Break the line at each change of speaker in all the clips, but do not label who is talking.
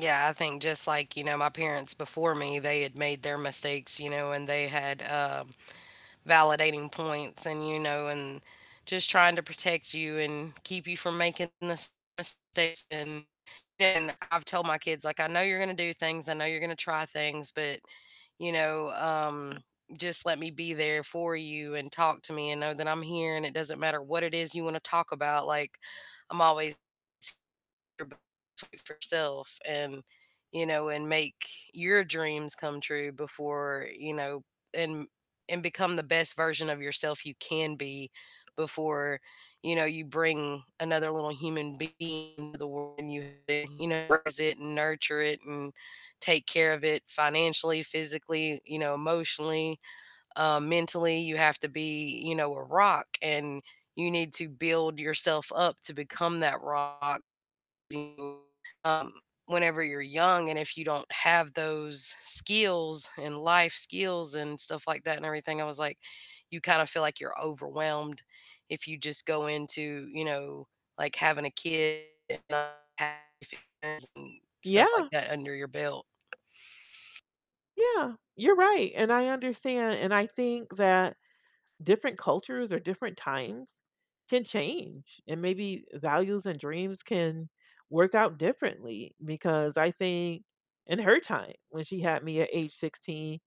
Yeah, I think just like, you know, my parents before me, they had made their mistakes, you know, and they had, um, validating points, and, you know, and just trying to protect you, and keep you from making the same mistakes, and and I’ve told my kids like, "I know you're gonna do things, I know you're gonna try things, but, you know, um, just let me be there for you, and talk to me, and know that I'm here, and it doesn't matter what it is you wanna talk about." Like, I'm always your b [unintelligible] self and you know, and make your dreams come true before, you know, and and become the best version of yourself you can be before, you know, you bring another little human being into the world and [unintelligible] you know, raise it and nurture it, um, and take care of it financially, physically, you know, emotionally, um, mentally. You have to be, you know, a rock, and you need to build yourself up to become that rock and you, um, whenever you're young, and if you don't have those skills, and life skills, and stuff like that, and everything. I was like, you kind of feel like you're overwhelmed if you just go into, you know, like having a kid and, have [unintelligible] stuff like
Yeah.
that under your belt.
Yeah, you're right, and I understand, and I think that different cultures, or different times can change, and maybe values and dreams can work out differently. Because I think in her time, when she had me at age 16,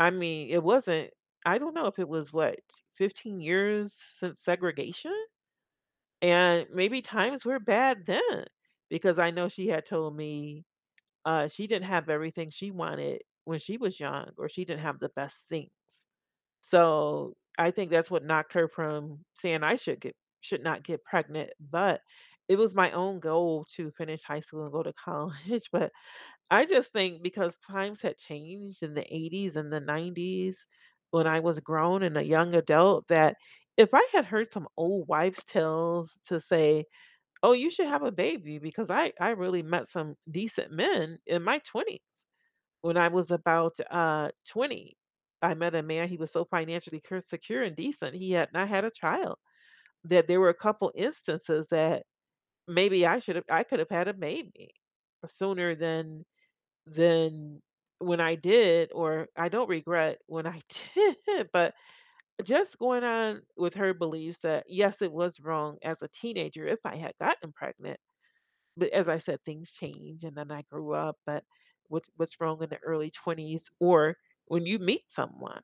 I mean, it wasn't I don't know if it was what, 15 years since segregation? And maybe times were bad then, because I know she had told me, uh, she didn't have everything she wanted when she was young, or she didn't have the best things. So, I think that's what knocked her from saying, "I should get should not get pregnant." But it was my own goal to finish high school, and go to college. But I just think because times had changed in the '80s and the '90s when I was grown, and a young adult, that if I had heard some old wives' tales to say, "Oh, you should have a baby," because I I really met some decent men in my 20s, when I was about, uh, 20, I met a man, he was so financially cure secure, and decent, he had not had a child. That there were a couple instances that maybe I should have I could have had a baby sooner than than when I did, or I don't regret when I did. But, just going on with her beliefs that, yes, it was wrong as a teenager if I had gotten pregnant. But, as I said, "Things change, and then I grew up." But what what's wrong in the early 20s or when you meet someone.